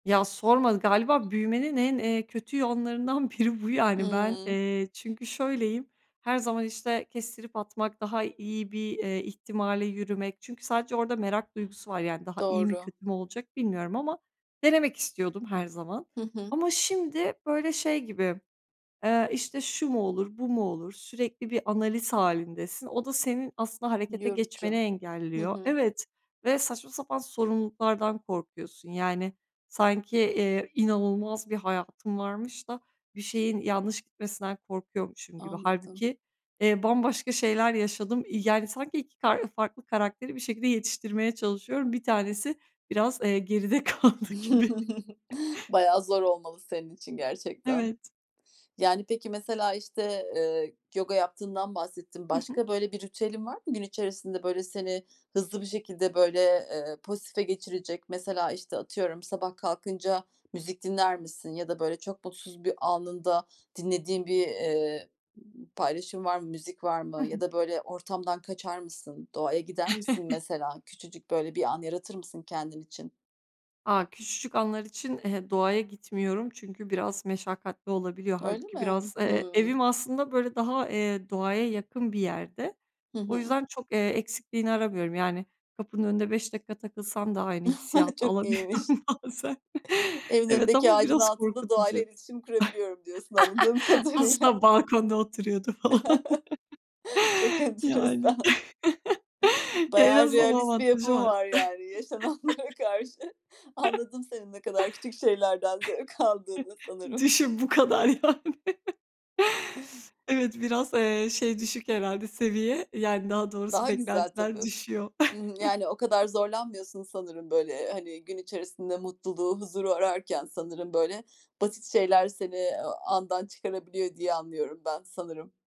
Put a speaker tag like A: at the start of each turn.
A: Ya, sorma galiba büyümenin en, eee, kötü yanlarından biri bu yani ben,
B: Imm.
A: eee, çünkü şöyleyim her zaman, işte, kestirip atmak, daha iyi bir, eee, ihtimale yürümek çünkü sadece orada merak duygusu var. Yani, daha iyi mi
B: Doğru.
A: kötü mü olacak bilmiyorum ama denemek istiyordum her zaman
B: Hı hı.
A: ama şimdi, böyle, şey gibi, eee, işte, şu mu olur, bu mu olur sürekli bir analiz hâlindesin, o da senin aslında harekete
B: Yorucu.
A: geçmeni
B: Hı
A: engelliyor.
B: hı.
A: Evet, ve saçma sapan sorumluluklardan korkuyorsun, yani sanki, eee, inanılmaz bir hayatım varmış da bir şeyin yanlış gitmesinden korkuyormuşum gibi.
B: Anladım.
A: Hâlbuki, eee, bambaşka şeyler yaşadım. İii, yani, sanki 2 ka farklı karakteri bir şekilde yetiştirmeye çalışıyorum. 1 tanesi biraz, eee, geride kaldı gibi.
B: Bayağı zor olmalı senin için gerçekten.
A: Evet.
B: Yani, peki, mesela işte, eee, yoga yaptığından bahsettin,
A: Hı hı.
B: başka, böyle, bir ritüelin var mı gün içerisinde, böyle, seni hızlı bir şekilde, böyle, eee, pozitife geçirecek? Mesela, işte, atıyorum, sabah kalkınca müzik dinler misin ya da böyle çok mutsuz bir anında dinlediğin bir, eee, b paylaşım var mı, müzik var
A: I
B: mı ya
A: hı.
B: da, böyle, ortamdan kaçar mısın, doğaya gider misin mesela küçücük, böyle, bir an yaratır mısın kendin için?
A: A! Küçücük anlar için, eee, doğaya gitmiyorum çünkü biraz meşakkatli olabiliyor.
B: Öyle
A: Hâlbuki
B: mi?
A: biraz, eee,
B: Hımm.
A: evim aslında, böyle, daha, eee, doğaya yakın bir yerde.
B: Hı
A: O
B: hı.
A: yüzden çok, eee, eksikliğini aramıyorum. Yani, kapının önünde 5 dakika takılsam da aynı hissiyatı
B: Çok iyiymiş.
A: alabiliyorum bazen.
B: Evin
A: Evet,
B: önündeki
A: ama
B: ağacın
A: biraz
B: altında doğayla
A: korkutucu.
B: iletişim kurabiliyorum diyorsun anladığım
A: Aslında
B: kadarıyla.
A: balkonda oturuyordu falan.
B: Çok
A: Yani,
B: enteresan.
A: ya en
B: Bayağı
A: azından o
B: realist bir
A: avantajı
B: yapın
A: var.
B: var, yani yaşananlara karşı. Anladım senin ne kadar küçük şeylerden zevk aldığını sanırım.
A: Düşün, bu kadar yani. Evet, biraz, eee, şey düşük herhâlde seviye, yani, daha doğrusu
B: Daha güzel tabii.
A: beklentiler düşüyor.
B: Hı hı. Yani, o kadar zorlanmıyorsun sanırım böyle, hani, gün içerisinde mutluluğu, huzuru ararken sanırım, böyle, basit şeyler seni, eee, andan çıkarabiliyor diye anlıyorum ben sanırım.